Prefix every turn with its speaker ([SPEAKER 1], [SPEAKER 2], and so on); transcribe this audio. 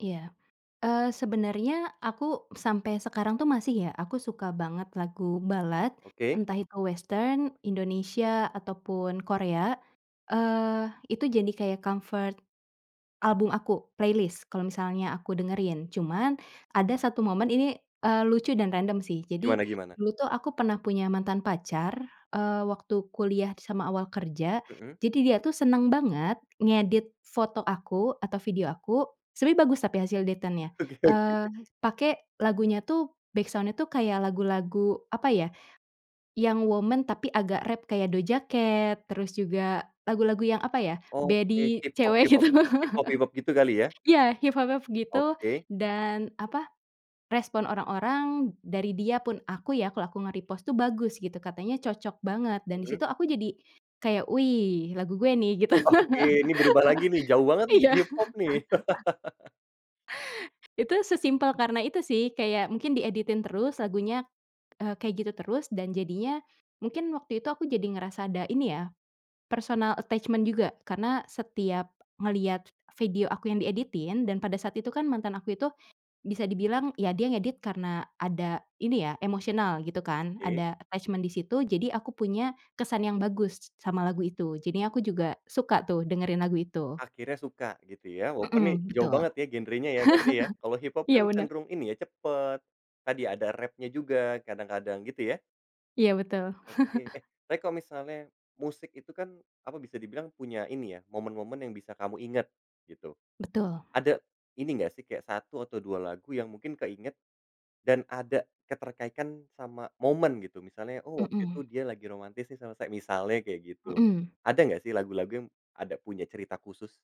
[SPEAKER 1] Iya. Eee, sebenarnya aku sampai sekarang tuh, masih, ya. Aku suka banget lagu ballad,
[SPEAKER 2] Oke.
[SPEAKER 1] entah itu western, Indonesia, ataupun Korea. Eee, itu jadi kayak comfort, album aku playlist, kalau misalnya aku dengerin. Cuman, ada 1 momen ini, eee, lucu dan random sih. Jadi,
[SPEAKER 2] Gimana gimana?
[SPEAKER 1] dulu tuh aku pernah punya mantan pacar, eee, waktu kuliah sama awal kerja.
[SPEAKER 2] Mhm?
[SPEAKER 1] Jadi, dia tuh seneng banget ngedit foto aku, atau video aku, sebenernya bagus tapi hasil editannya.
[SPEAKER 2] Oke oke.
[SPEAKER 1] Eee, pake lagunya tuh, backsound-nya tuh, kayak lagu-lagu, apa ya, yang woman, tapi agak rap kayak Doja Cat, terus juga lagu-lagu yang, apa ya,
[SPEAKER 2] Oke.
[SPEAKER 1] baddie cewek,
[SPEAKER 2] Hiphop-hiphop
[SPEAKER 1] gitu.
[SPEAKER 2] hiphop-hiphop, gitu kali, ya?
[SPEAKER 1] Iya, hiphop hip gitu,
[SPEAKER 2] Oke.
[SPEAKER 1] dan, apa, respon orang-orang, dari dia pun aku ya, kalau aku nge-repost tuh, bagus, gitu. Katanya cocok banget. Dan di
[SPEAKER 2] Mhm.
[SPEAKER 1] situ aku jadi kayak, "Wih lagu gue nih" Gitu.
[SPEAKER 2] Oke. Ini berubah lagi nih? Jauh banget nih, ke
[SPEAKER 1] Iya.
[SPEAKER 2] hiphop, nih.
[SPEAKER 1] Itu, sesimpel karena itu sih. Kayak mungkin dieditin terus, lagunya, eee, kayak gitu terus, dan jadinya, mungkin waktu itu aku jadi ngerasa ada, ini ya, personal attachment juga. Karena setiap ngelihat video aku yang dieditin, dan pada saat itu kan, mantan aku itu, bisa dibilang, ya, dia ngedit karena ada, ini ya, emosional gitu, kan,
[SPEAKER 2] Oke.
[SPEAKER 1] ada attachment di situ, jadi, aku punya, kesan yang bagus sama lagu itu. Jadinya aku juga suka tuh, dengerin lagu itu.
[SPEAKER 2] Akhirnya suka, gitu ya? Walaupun nih,
[SPEAKER 1] Mhm,
[SPEAKER 2] jauh
[SPEAKER 1] betul.
[SPEAKER 2] banget ya genrenya, berarti ya? Kalau hiphop
[SPEAKER 1] Iya,
[SPEAKER 2] kan
[SPEAKER 1] bener.
[SPEAKER 2] cenderung, ini ya, cepet, tadi ada rapnya juga kadang-kadang. Gitu ya?
[SPEAKER 1] Iya, betul.
[SPEAKER 2] Oke. Eh, tapi kalau misalnya, musik itu kan, apa, bisa dibilang, punya, ini ya, momen-momen yang bisa kamu inget, gitu.
[SPEAKER 1] Betul.
[SPEAKER 2] Ada ini nggak sih, kayak 1 atau 2 lagu, yang mungkin keinget, dan ada keterkaitan sama momen, gitu? Misalnya, "Oh, waktu itu
[SPEAKER 1] Mhm.
[SPEAKER 2] dia lagi romantis nih sama sa" Misalnya kayak gitu.
[SPEAKER 1] Mhm.
[SPEAKER 2] Ada nggak sih, lagu-lagu yang ada punya cerita khusus?